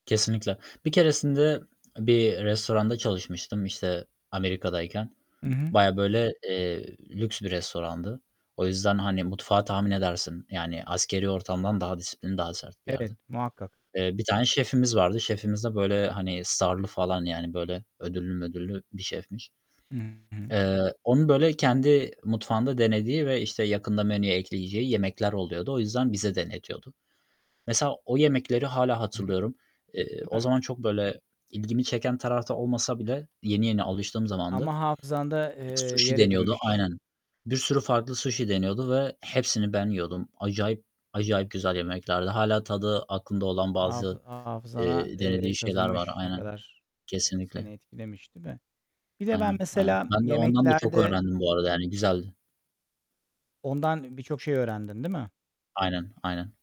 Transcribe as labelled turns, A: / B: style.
A: Kesinlikle. Bir keresinde bir restoranda çalışmıştım, işte, Amerika'dayken.
B: Hı hı.
A: Bayağı böyle, eee, lüks bir restorandı. O yüzden, hani, mutfağı tahmin edersin, yani, askeri ortamdan daha disiplinli, daha sert bir
B: Evet,
A: yerdi.
B: muhakkak.
A: Eee, bir tane şefimiz vardı. Şefimiz de böyle, hani, star'lı falan, yani, böyle, ödüllü mödüllü bir şefmiş.
B: Hı hı.
A: Eee, onun, böyle, kendi mutfağında denediği ve, işte, yakında menüye ekleyeceği yemekler oluyordu. O yüzden bize denetiyordu. Mesela o yemekleri hâlâ
B: Hı hı,
A: hatırlıyorum. Eee,
B: Değil
A: o
B: mi?
A: zaman çok, böyle, ilgimi çeken tarafta olmasa bile yeni yeni alıştığım zamandı.
B: Ama hafızanda, eee,
A: Suşi
B: yer
A: deniyordu.
B: edinmiş.
A: Aynen. Bir sürü farklı suşi deniyordu ve hepsini ben yiyordum. Acayip acayip güzel yemeklerdi. Hâlâ tadı aklımda olan bazı,
B: Hafı hafızana,
A: eee,
B: eee,
A: denediği şeyler var.
B: kazınmış. Ne
A: Aynen.
B: kadar, eee,
A: Kesinlikle.
B: seni etkilemiş, değil mi? Bir de ben
A: Aynen, aynen.
B: mesela
A: Ben de ondan da çok
B: yemeklerde
A: öğrendim bu arada. Yani, güzeldi.
B: Ondan birçok şey öğrendin, değil mi?
A: Aynen, aynen.